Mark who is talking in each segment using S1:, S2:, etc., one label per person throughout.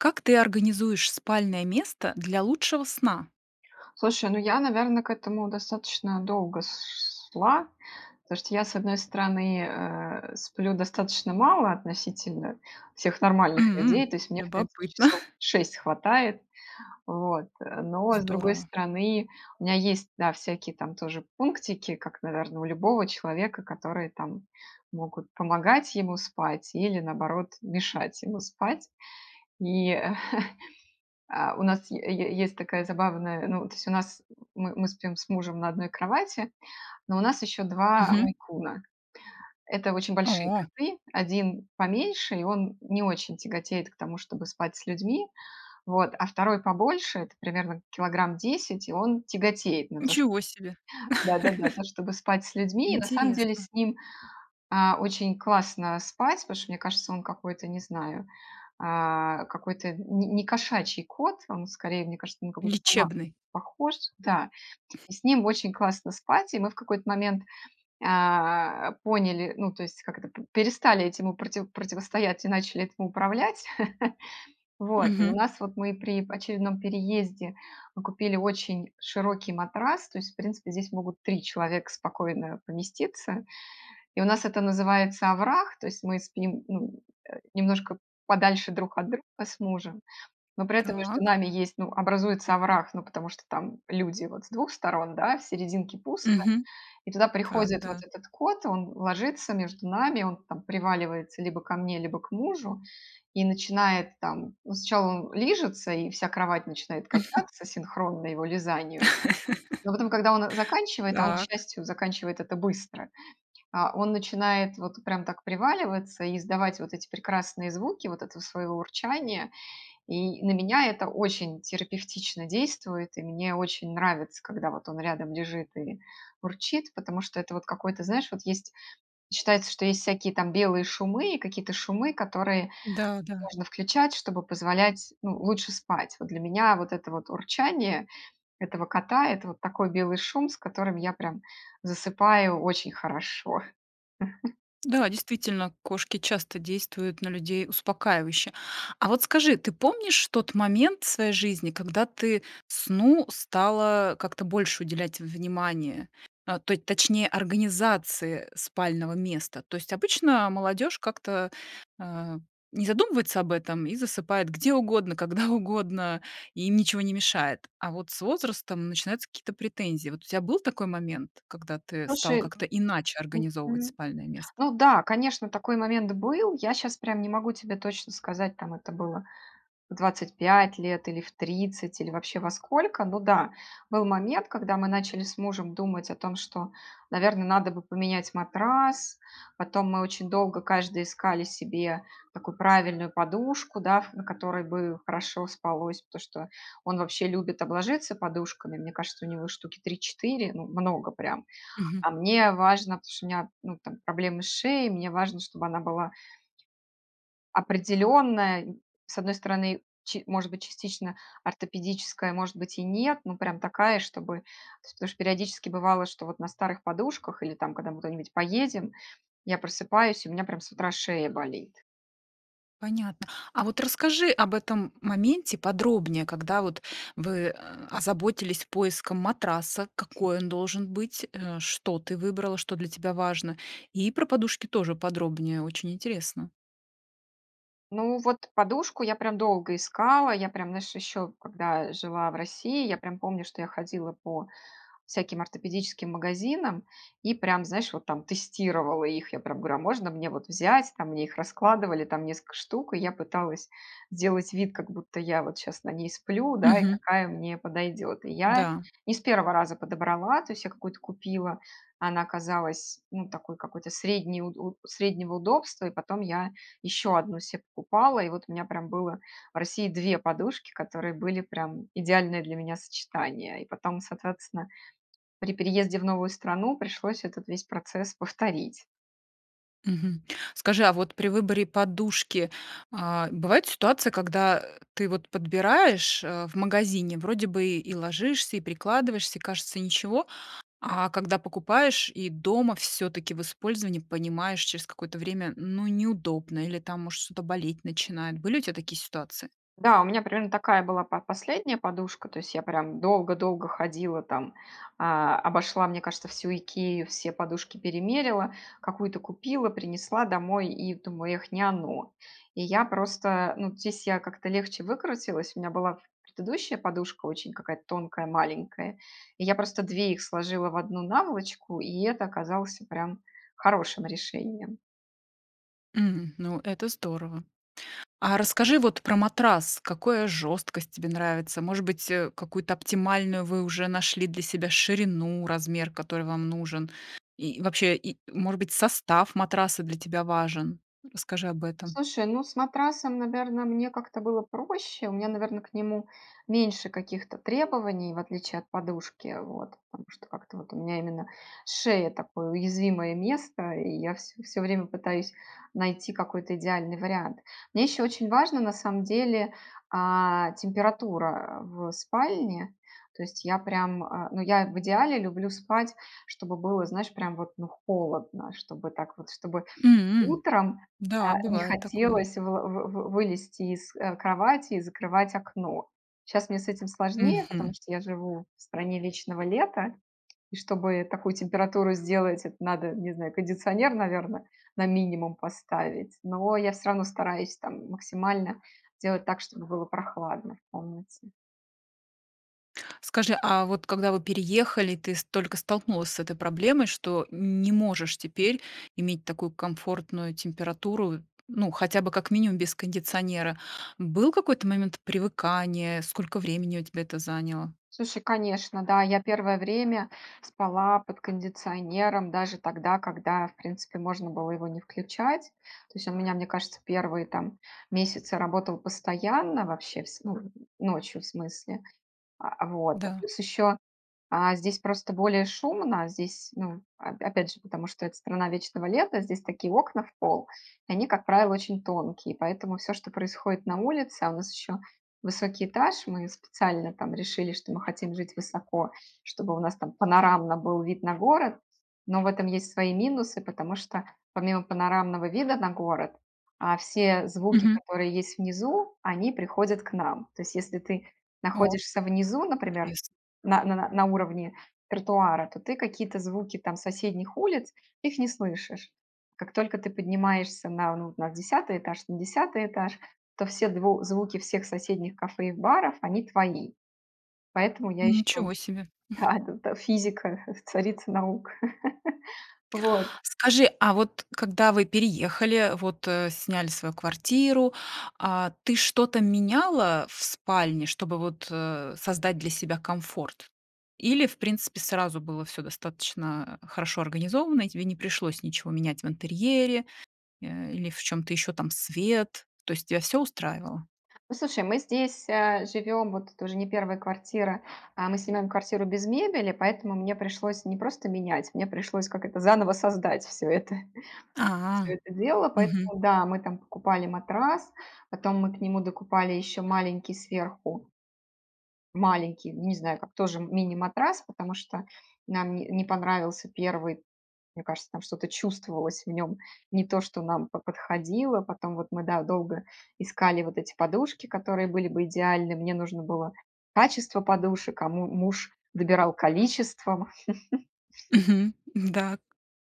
S1: Как ты организуешь спальное место для лучшего сна?
S2: Слушай, ну, я, наверно, к этому достаточно долго с с шла, то, что я, с одной стороны, э, сплю достаточно мало относительно всех нормальных
S1: М.
S2: людей, то есть мне, в принципе,
S1: Любопытно.
S2: часов 6 хватает. Вот. Но, с другой
S1: Здорово.
S2: стороны, у меня есть, да, всякие там тоже пунктики, как, наверно, у любого человека, которые, там, могут помогать ему спать или, наоборот, мешать ему спать. И, а, у нас е е есть такая забавная ну, то есть у нас, мы мы спим с мужем на одной кровати, но у нас еще 2 два
S1: Мгм.
S2: мейн-куна. Это очень большие
S1: О.
S2: коты. 1 поменьше, и он не очень тяготеет к тому, чтобы спать с людьми, вот. А 2 побольше, это примерно килограмм 10, и он тяготеет на то, что
S1: Ничего себе!
S2: да-да-да, на то, чтобы спать с людьми. И на самом деле
S1: Интересно.
S2: с ним, а, очень классно спать, потому что мне кажется он какой-то, не знаю, а, какой-то не не кошачий кот. Он скорее, мне кажется, на какую-то собаку
S1: Лечебный.
S2: похож, да. И с ним очень классно спать, и мы в какой-то момент, а, поняли ну, то есть как это, п перестали этим у проти противостоять и начали этим управлять. Вот. И у
S1: Мгм.
S2: нас вот мы при очередном переезде мы купили очень широкий матрас, то есть в принципе здесь могут 3 человека спокойно поместиться. И у нас это называется овраг, то есть мы спим, ну, э, немножко подальше друг от друга с мужем, но при этом между
S1: Так.
S2: нами есть, ну, образуется овраг, ну, потому что там люди вот с 2 сторон, да, в серединке пусто.
S1: Мгм.
S2: И туда
S1: Так,
S2: приходит вот
S1: да.
S2: этот кот, он ложится между нами, он там приваливается либо ко мне, либо к мужу и начинает там: ну, сначала он лижется, и вся кровать начинает качаться синхронно его лизанию. Но потом, когда он заканчивает, а он, к
S1: Так.
S2: счастью, заканчивает это быстро, а, он начинает вот прям так приваливаться и издавать вот эти прекрасные звуки вот этого своего урчания. И на меня это очень терапевтично действует, и мне очень нравится, когда вот он рядом лежит и урчит, потому что это вот какой-то знаешь, вот есть считается, что есть всякие там белые шумы и какие-то шумы, которые
S1: Да, да.
S2: можно включать, чтобы позволять, ну, лучше спать. Вот для меня вот это вот урчание этого кота- это вот такой белый шум, с которым я прям засыпаю очень хорошо.
S1: Да, действительно, кошки часто действуют на людей успокаивающе. А вот скажи, ты помнишь тот момент своей жизни, когда ты сну стала как-то больше уделять внимания, э, точ точнее, организации спального места? То есть обычно молодежь как-то, э, не задумывается об этом и засыпает где угодно, когда угодно. И им ничего не мешает. А вот с возрастом начинаются какие-то претензии. Вот у тя был такой момент, когда ты стала
S2: Слушай.
S1: как-то иначе организовывать
S2: Мгм.
S1: спальное место?
S2: Ну да, конечно, такой момент был. Я щас прям не могу тебе точно сказать, там это было в 25 лет, или в 30, или вообще во сколько. Ну да, был момент, когда мы начали с мужем думать о том, что, наверно, надо бы поменять матрас. Потом мы очень долго каждый искали себе такую правильную подушку, да, на которой бы хорошо спалось, потому что он вообще любит обложиться подушками. Мне кажется, у него штуки 3-4, ну, много прям.
S1: Мгм.
S2: А мне важно, потому что у меня, ну, там, проблемы с шеей, мне важно, чтобы она была определенная. С одной стороны, ч может быть, частично ортопедическая, может быть, и нет, но прям такая, чтобы то есть, потому что периодически бывало, что вот на старых подушках или там, когда мы куда-нибудь поедем, я просыпаюсь, и у меня прям с утра шея болит.
S1: Понятно. А вот расскажи об этом моменте подробнее: когда вот вы, э, озаботились поиском матраса, какой он должен быть, э, что ты выбрала, что для тебя важно. И про подушки тоже подробнее- очень интересно.
S2: Ну, вот подушку я прям долго искала. Я прям, знаешь, ещё когда жила в России, я прям помню, что я ходила по всяким ортопедическим магазинам и прям, знаешь, вот там тестировала их. Я прям говорю: "А можно мне вот взять?" Там мне их раскладывали, там несколько штук, и я пыталась сделать вид, как будто я вот щас на ней сплю, да, и
S1: Мгм.
S2: какая мне подойдёт. И я
S1: Да.
S2: не с первого раза подобрала. То есть я какую-то купила, она оказалась, ну, такой какой-то средней уд у среднего удобства, и потом я ещё одну се покупала, и вот у меня прям было в России 2 подушки, которые были прям идеальное для меня сочетание. И потом, соответственно, при переезде в новую страну пришлось этот весь процесс повторить.
S1: Мгм. Скажи, а вот при выборе подушки, а, бывают ситуации, когда, э, ты вот подбираешь, э, в магазине, вроде бы и ложишься, и прикладываешься, и кажется- ничего, а когда покупаешь и дома всё-таки в использовании понимаешь через какое-то время: ну, неудобно или, там, может, что-то болеть начинает. Были у тя такие ситуации?
S2: Да, у меня примерно такая была по последняя подушка. То есть я прям долго-долго ходила, там, а, обошла, мне кажется, всю "Икею", все подушки перемерила. Какую-то купила, принесла домой и думаю: "Эх, не оно". И я просто, ну, здесь я как-то легче выкрутилась. У меня была предыдущая подушка, очень какая-то тонкая, маленькая, и я просто две их сложила в одну наволочку, и это оказалось прям хорошим решением.
S1: Мгм, ну, это здорово. А расскажи вот про матрас. Какое жёсткость тебе нравится? Может быть, э, какую-то оптимальную вы уже нашли для себя ширину, размер, который вам нужен? И вообще и, может быть, состав матраса для тебя важен? Расскажи об этом.
S2: Слушай, ну, с матрасом, наверно, мне как-то было проще. У меня, наверно, к нему меньше каких-то требований, в отличие от подушки, вот. Потому что как-то вот у меня, именно, шея- такое, уязвимое место, и я всё всё время пытаюсь найти какой-то идеальный вариант. Мне ещё очень важно, на самом деле, а, температура, а, в спальне. То есть, я прям, а, ну, я в идеале люблю спать, чтобы было, знаешь, прям вот, ну, холодно, чтобы так вот. Чтобы
S1: М.
S2: утром,
S1: Да,
S2: а, не
S1: бывает такое.
S2: хотелось выла вы вы вы вылезти из, э, кровати и закрывать окно. Щас мне с этим сложнее, потому
S1: Мгм.
S2: что я живу в стране вечного лета, и чтобы такую температуру сделать, это надо, не знаю, кондиционер, наверно, на минимум поставить. Но я всё равно стараюсь там максимально делать так, чтобы было прохладно в комнате.
S1: Скажи, а вот когда вы переехали, ты ст только столкнулась с этой проблемой, что не можешь теперь иметь такую комфортную температуру, ну, хотя бы как минимум без кондиционера. Был какой-то момент привыкания? Сколько времени у тебя это заняло?
S2: Слушай, конечно, да, я первое время спала под кондиционером, даже тогда, когда, в принципе, можно было его не включать. То есть у меня, мне кажется, первые там, месяцы работал постоянно, вообще, вс ну, ночью, в смысле, а, вот.
S1: Да.
S2: Плюс, ещё, а, здесь просто более шумно, здесь, ну, оп опять же, потому что это страна вечного лета, здесь такие окна в пол, и они, как правило, очень тонкие, поэтому всё, что происходит на улице, а у нас ещё высокий этаж. Мы специально там решили, что мы хотим жить высоко, чтобы у нас там панорамно был вид на город, но в этом есть свои минусы. Потому что, помимо панорамного вида на город, а, все звуки,
S1: Мгм.
S2: которые есть внизу, они приходят к нам. То есть если ты
S1: О!
S2: находишься внизу, например,
S1: Интересно.
S2: на на на на уровне тротуара, то ты какие-то звуки там, соседних улиц, их не слышишь. Как только ты поднимаешься на, ну, на 10 этаж, на 10 этаж, то все дв звуки всех соседних кафе и баров- они твои. Поэтому я ещё
S1: Ничего себе.
S2: А эт т физика- царица наук. Вот.
S1: Скажи, а вот когда вы переехали, вот, э, сняли свою квартиру, а, ты что-то меняла в спальне, чтобы, вот, э, создать для себя комфорт? Или, в принципе, сразу было всё достаточно, э, хорошо организовано, и тебе не пришлось ничего менять в интерьере, э, или в чём-то ещё, там, свет? То есть тебя всё устраивало?
S2: Ну, слушай, мы здесь, а, живём, вот, это уже не первая квартира, а. Мы снимаем квартиру без мебели, поэтому мне пришлось не просто менять, мне пришлось, как это, заново создать всё это. Всё
S1: А.
S2: это дело.
S1: Мгм.
S2: Поэтому да, мы там покупали матрас, потом мы к нему докупали еще маленький сверху маленький, ну, не знаю как, тоже мини-матрас, потому что нам не не понравился первый. Мне кажется, там, что-то чувствовалось в нём не то, что нам бы по подходило. Потом вот мы, да, долго искали вот, эти подушки, которые были бы идеальны, мне нужно было качество подушек, а му муж добирал количеством.
S1: Мгм. Да,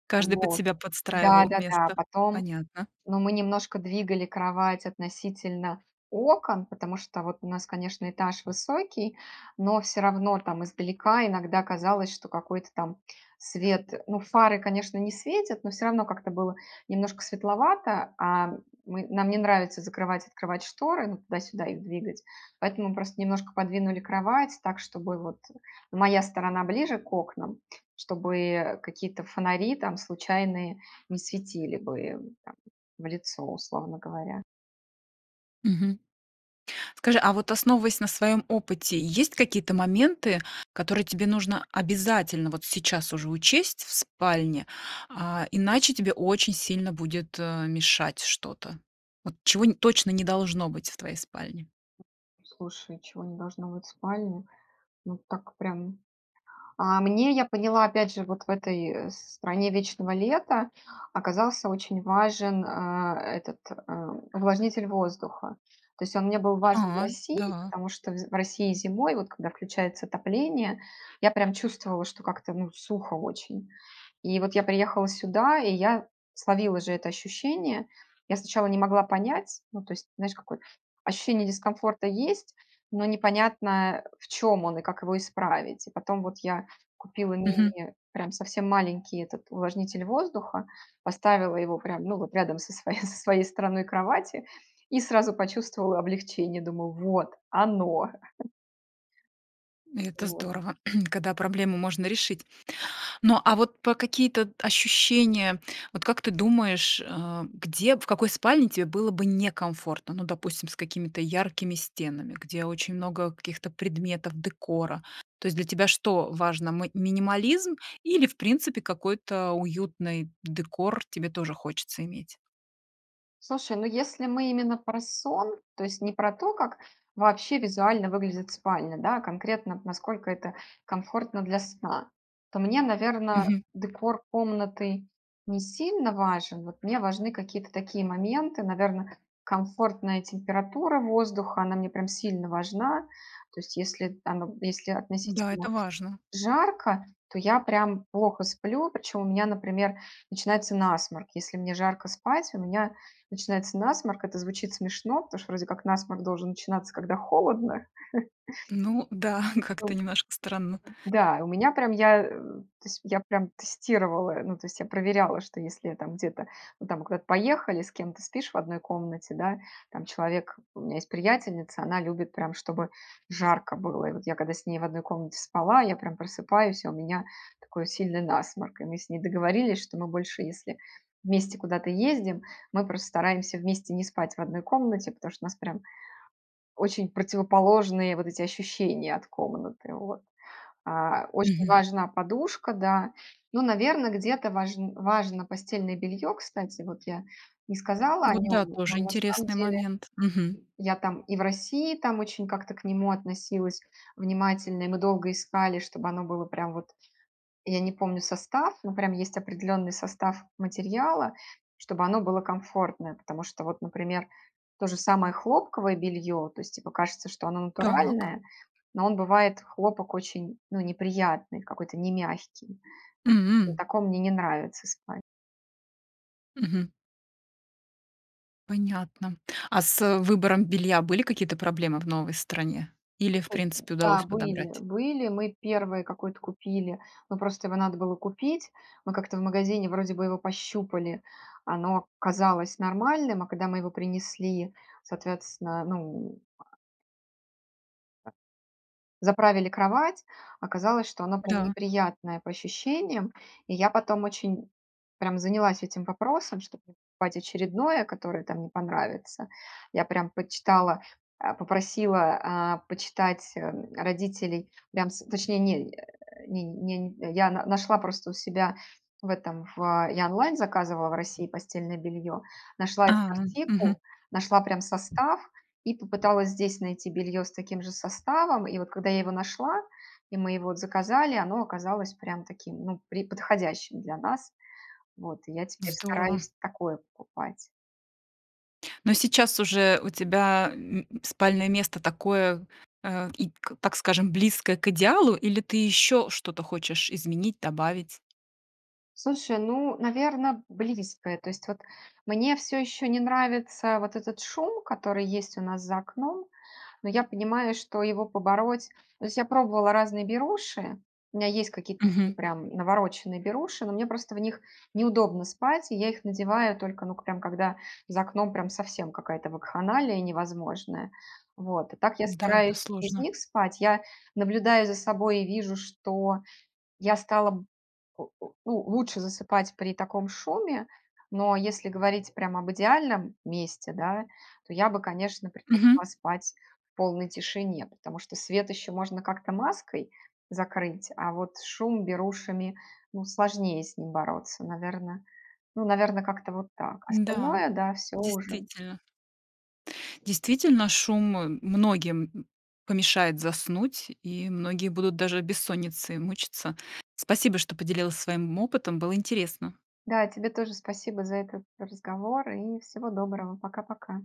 S1: каждый под
S2: Вот.
S1: себя подстраивал
S2: Да-да-да.
S1: место.
S2: Потом,
S1: Понятно.
S2: ну, мы немножко двигали кровать относительно окон. Потому что вот у нас, конечно, этаж высокий, но всё равно там издалека иногда казалось, что какой-то там свет. Ну, фары, конечно, не светят, но всё равно как-то было немножко светловато, а, мы нам не нравится закрывать, открывать шторы, ну, туда-сюда их двигать. Поэтому просто немножко подвинули кровать так, чтобы вот, э, моя сторона ближе к окнам. Чтобы какие-то фонари там случайные не светили бы, э, там в лицо, условно говоря.
S1: Мгм. Скажи, а вот основываясь на своём опыте, есть какие-то моменты, которые тебе нужно обязательно вот сейчас уже учесть в спальне, а, иначе тебе очень сильно будет, э, мешать, что-то? Вот чего нь точно не должно быть в твоей спальне?
S2: Слушай, чего не должно быть в спальне. Ну, так прям. А мне- я поняла, опять же, вот в этой, э, стране вечного лета- оказался очень важен, а, э, этот, э, увлажнитель воздуха. То есть он мне был важен в
S1: А,
S2: России.
S1: да.
S2: Потому что вз в России зимой, вот когда включается отопление, я прям чувствовала, что как-то, ну, сухо очень. И вот я приехала сюда, и я словила же это ощущение. Я сначала не могла понять. Ну, то есть, знаешь какое ощущение дискомфорта есть, но непонятно, в чём он и как его исправить. Потом вот я купила
S1: Мгм.
S2: мини, прям совсем маленький этот, увлажнитель воздуха. Поставила его прям, ну, вот рядом со своей со своей стороной кровати- и сразу почувствовала облегчение: думаю вот- оно.
S1: И это
S2: Вот.
S1: здорово, когда проблему можно решить. Но, а вот по какие-то ощущения, вот как ты думаешь, э, где, в какой спальне тебе было бы некомфортно? Ну, допустим, с какими-то яркими стенами, где очень много каких-то предметов, декора. То есть для тебя что важно: мы минимализм или, в принципе, какой-то уютный декор тебе тоже хочется иметь?
S2: Слушай, ну если мы именно про сон, то есть не про то, как вообще визуально выглядит спальня, да, а конкретно вот, насколько это 1комфортно для сна, то мне, наверно,
S1: Мгм.
S2: декор комнаты не сильно важен, вот мне важны какие-то такие моменты, наверно, комфортная температура воздуха, она мне прям сильно важна. То есть если там вот, если
S1: Да,
S2: относительно
S1: это важно.
S2: жарко, то я прям плохо сплю, причём у меня, например, начинается насморк, если мне жарко спать, у меня начинается насморк. Это звучит смешно, потому что вроде как насморк должен начинаться, когда холодно.
S1: Ну да, как-то немножко странно.
S2: Да, у меня прям, я, э то есть я прям тестировала, ну, то есть я проверяла, что если там где-то, ну, там куда-то поехали, с кем-то спишь в 1 комнате, да. Там человек, у меня есть приятельница, она любит прям, чтобы жарко было. И вот я когда с ней в 1 комнате спала, я прям просыпаюсь, и у меня такой сильный насморк, и мы с ней договорились, что мы больше, если вместе куда-то ездим, мы просто стараемся вместе не спать в 1 комнате, потому что у нас прям очень противоположные вот эти ощущения от комнаты, вот. А, очень
S1: Мгм.
S2: важна подушка, да. Ну, наверно, где-то важн важно постельное бельё. Кстати, вот я не
S1: А
S2: сказала о
S1: вот
S2: нём,
S1: да, тоже
S2: но на самом
S1: интересный
S2: деле,
S1: момент. Мгм.
S2: я там и в России там очень как-то к нему относилась внимательно. И мы долго искали, чтобы оно было прям вот, я не помню состав, но прям есть определённый состав материала, чтобы оно было комфортное. Потому что вот, например, то же самое хлопковое бельё, то есть типа кажется, что оно
S1: Так.
S2: натуральное, но он бывает, хлопок, очень, ну, неприятный, какой-то немягкий. На
S1: М.
S2: таком мне не нравится спать.
S1: Мгм. Понятно. А с выбором белья были какие-то проблемы в новой стране? Или в
S2: Слушай,
S1: принципе
S2: да,
S1: удалось
S2: были
S1: подобрать?
S2: были, мы 1 какой-то купили, но просто его надо было купить. Мы как-то в магазине вроде бы его пощупали, оно казалось нормальным, а когда мы его принесли, соответственно, ну, а заправили кровать, оказалось, что оно прям
S1: Да.
S2: неприятное по ощущениям, и я потом очень прям занялась этим вопросом, чтоб не покупать очередное, которое, там, не понравится. Я прям почитала, э, попросила, а, почитать, э, родителей, прям с точнее не, э, не не не я на нашла просто у себя в этом, в, я онлайн заказывала в России постельное бельё, нашла этот
S1: А, мгм.
S2: артикул, нашла прям состав, и попыталась здесь найти бельё с таким же составом. И вот, когда я его нашла, и мы его заказали, оно оказалось прям таким, ну, пре подходящим для нас. Вот, и я теперь
S1: Здорово.
S2: стараюсь такое покупать.
S1: Но сейчас уже у тебя м спальное место такое, э, и к так скажем, близкое к идеалу или ты ещё что-то хочешь изменить, добавить?
S2: Слушай, ну, наверно, близкое. То есть вот мне, всё ещё, не нравится вот этот шум, который есть у нас за окном. Но я понимаю, что его побороть то есть, я пробовала разные беруши. У меня есть какие-то такие
S1: Мгм.
S2: прям навороченные беруши. Но мне просто в них неудобно спать, и я их надеваю только, ну к прям, когда за окном прям совсем какая-то вакханалия невозможная. Вот. А так я
S1: Да, это
S2: стараюсь без
S1: сложно.
S2: них спать. Я наблюдаю за собой, и вижу, что я стала б о ну, лучше засыпать при таком шуме, но если говорить прям об идеальном месте, да, то я бы, конечно,
S1: Мгм.
S2: предпочла спать в полной тишине. Потому что свет ещё можно как-то маской закрыть, а вот шум берушами, ну сложнее с ним бороться. Наверно, ну, наверно, как-то вот так.
S1: Да,
S2: Остальное да, всё уже.
S1: действительно. Действительно, шум, э, многим помешает заснуть, и многие будут даже от бессонницы мучиться. Спасибо, что поделилась своим опытом, было интересно.
S2: Да, тебе тоже спасибо за этот разговор и всего доброго. Пока-пока!